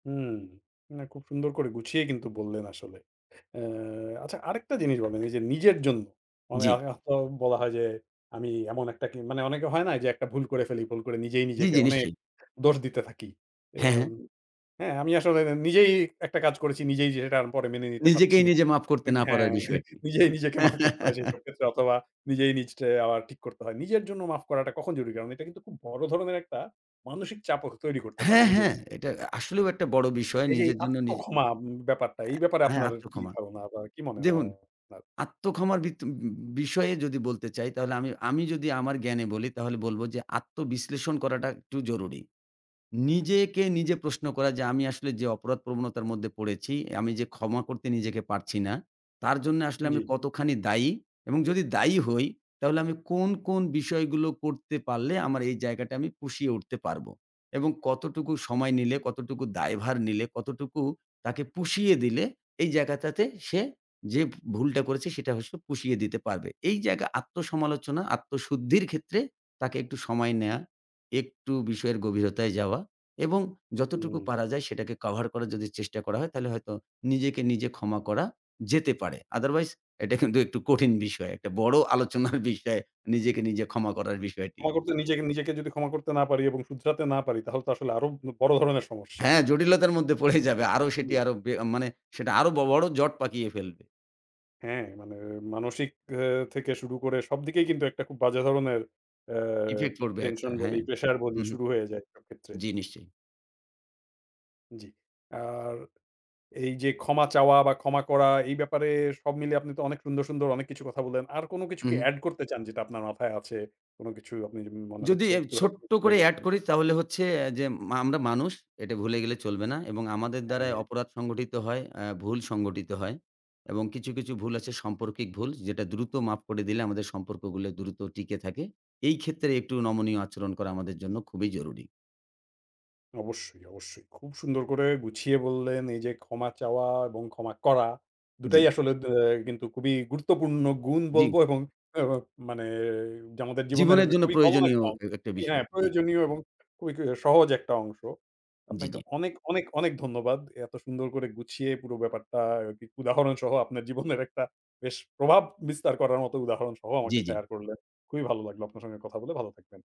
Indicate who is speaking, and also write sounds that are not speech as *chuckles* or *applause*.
Speaker 1: হুম। না খুব সুন্দর করে গুছিয়ে কিন্তু বললেন আসলে। অ্যা আচ্ছা আরেকটা জিনিস বলেন। এইযে নিজের জন্য মা এ
Speaker 2: জ্বি।
Speaker 1: এত বলা হয় যে, আমি এমন একটা কি মানে অনেকে হয় না? এইযে একটা ভুল করে ফেলি, ভুল করে নিজেই
Speaker 2: জ্বি,
Speaker 1: নিজেকে
Speaker 2: জি,
Speaker 1: অনেক
Speaker 2: নিশ্চয়ই।
Speaker 1: দোষ দিতে থাকি। এ
Speaker 2: হ্যাঁ,
Speaker 1: আ
Speaker 2: হ্যাঁ।
Speaker 1: হ্যাঁ, আমি আসলে নিজেই একটা কাজ করেছি, নিজেই যেটা আর পরে মেনে নিতে পারছি
Speaker 2: নিজেকেই
Speaker 1: না।
Speaker 2: নিজে মাফ করতে
Speaker 1: ইন
Speaker 2: না
Speaker 1: হ্যাঁ,
Speaker 2: পারার বিষয়টি।
Speaker 1: নিজেই নিজেকে মাফ করতে হয়
Speaker 2: *chuckles*
Speaker 1: সেইসব ক্ষেত্রে। অথবা নিজেই নিজেকে আবার ঠিক করতে হয়। নিজের জন্য মাফ করাটা কখন জরুরি? কারণ এটা কিন্তু খুব বড় ধরনের একটা মানসিক চাপও কে তৈরি করতে পারে
Speaker 2: হ্যাঁ,
Speaker 1: নিজের
Speaker 2: হ্যাঁ।
Speaker 1: উপর।
Speaker 2: এটা আসলেও একটা বড়ো বিষয়
Speaker 1: এইযে এই
Speaker 2: নিজের জন্য
Speaker 1: আত্ম
Speaker 2: নিজে
Speaker 1: ক্ষমা উম ব্যাপারটা এই ব্যাপারে
Speaker 2: অ্যা হ্যাঁ,
Speaker 1: আপনার
Speaker 2: আত্ম
Speaker 1: কি
Speaker 2: ক্ষমা।
Speaker 1: ধারণা বা কি মনে হয়
Speaker 2: দেখুন
Speaker 1: আপনার?
Speaker 2: আত্ম ক্ষমার ভিত উ বিষয়ে যদি বলতে চাই তাহলে আমি আমি যদি আমার জ্ঞানে বলি তাহলে বলব যে, আত্মবিশ্লেষণ করাটা একটু জরুরি। নিজেকে নিজে প্রশ্ন করা যে, আমি আসলে যে, অপরাধ প্রবণতার মধ্যে পড়েছি, আমি যে, ক্ষমা করতে নিজেকে পারছি না, তার জন্যে আসলে আমি
Speaker 1: জ্বী।
Speaker 2: কতখানি দায়ী? এবং যদি দায়ী হই তাহলে আমি কোন, কোন বিষয়গুলো করতে পারলে আমার এই জায়গাটা আমি পুষিয়ে উঠতে পারবো? এবং কতটুকু সময় নিলে, কতটুকু দায়ভার নিলে কতটুকু তাকে পুষিয়ে দিলে এই জায়গাটাতে সে যে, ভ ভুলটা করেছে সেটা হস পুষিয়ে দিতে পারবে। এই জায়গা আত্মসমালোচনা, আত্মশুদ্ধির ক্ষেত্রে তাকে একটু সময় নেয়া। একটু বিষয়ের গভীরতায় যাওয়া এবং যতটুকু
Speaker 1: হুম।
Speaker 2: পারা যায় সেটাকে কভার করার যদি চেষ্টা করা হয় তাহলে হয়তো নিজেকে নিজে ক্ষমা করা যেতে পারে। আদারওয়াইজ এটা কিন্তু একটু কঠিন বিষয়। একটা বড় আলোচনার বিষয় নিজেকে নিজে ক্ষমা করার বিষয়টি।
Speaker 1: ক্ষমা করতে নিজ নিজেকে যদি ক্ষমা করতে না পারি এবং শুধরাতে না পারি, তাহলে তো আসলে আরো উ বড় ধরনের সমস্যা।
Speaker 2: হ্যাঁ, জটিলতার মধ্যে পড়েই যাবে। আরো সেটি
Speaker 1: উ
Speaker 2: আরো বে মানে সেটা আরো বড় জট পাকিয়ে ফেলবে।
Speaker 1: হ্যাঁ, মানে মানসিক এ থেকে শুরু করে সবদিকেই কিন্তু একটা খুব বাজে ধরণের অ্যা
Speaker 2: ইফেক্ট পড়বে একটা।
Speaker 1: টেনশন বলি,
Speaker 2: হ্যাঁ,
Speaker 1: প্রেশার বলি
Speaker 2: হু, হুম।
Speaker 1: শুরু হয়ে যায় সব ক্ষেত্রে।
Speaker 2: জি, নিশ্চয়ই।
Speaker 1: জ্বি। আর এইযে ক্ষমা চাওয়া বা ক্ষমা করা এই ব্যাপারে সব মিলিয়ে আপনি তো অনেক সুন্দর, সুন্দর অনেক কিছু কথা বললেন। আর কোনো কিছু
Speaker 2: হু,
Speaker 1: কি
Speaker 2: হুম।
Speaker 1: অ্যাড করতে চান যেটা আপনার মাথায় আছে? কোনো কিছু আপনি উম মনে
Speaker 2: যদি
Speaker 1: হচ্ছে একটু হ
Speaker 2: ছোট্ট
Speaker 1: সরে
Speaker 2: করে এড
Speaker 1: গেছেন।
Speaker 2: করি তাহলে হচ্ছে অ্যা যে, আমরা মানুষ এটা ভুলে গেলে চলবে না। এবং আমাদের দ্বারায়
Speaker 1: হ্যাঁ।
Speaker 2: অপরাধ সংগঠিত হয়, অ্যা ভুল সংগঠিত হয়। এবং কিছু, কিছু ভুল আছে সম্পর্কিক ভুল, যেটা দ্রুত মাফ করে দিলে আমাদের সম্পর্কগুলো দ্রুত টিকে থাকে। এই ক্ষেত্রে একটু নমনীয় আচরণ করা আমাদের জন্য খুবই জরুরী।
Speaker 1: অবশ্যই, অবশ্যই। খুব সুন্দর করে গুছিয়ে বললেন। এইযে ক্ষমা চাওয়া এবং ক্ষমা করা, ২ টাই
Speaker 2: জ্বি।
Speaker 1: আসলে দে আ কিন্তু খুবই গুরুত্বপূর্ণ গুণ
Speaker 2: জ্বি।
Speaker 1: বলবো এবং এ ও মানে যে, আমাদের জীবনের
Speaker 2: জীবনের জন্য
Speaker 1: খুবই কমন
Speaker 2: প্রয়োজনীয়
Speaker 1: একটা অংশ
Speaker 2: এ একটা
Speaker 1: হ্যাঁ,
Speaker 2: বিষয় জ্বী।
Speaker 1: প্রয়োজনীয় এবং খুবই সহজ একটা অংশ।
Speaker 2: জ্বি,
Speaker 1: আপনাকে
Speaker 2: জ্বি।
Speaker 1: অনেক, অনেক, অনেক ধন্যবাদ। এত সুন্দর করে গুছিয়ে পুরো ব্যাপারটা এ কি উদাহরণ সহ আপনার জীবনের একটা বেশ প্রভাব বিস্তার করার মতো উদাহরণ সহ আমাকে
Speaker 2: জ্বি, জ্বি।
Speaker 1: শেয়ার করলেন। খুবই ভালো লাগলো আপনার সঙ্গে কথা বলে, ভালো থাকবেন।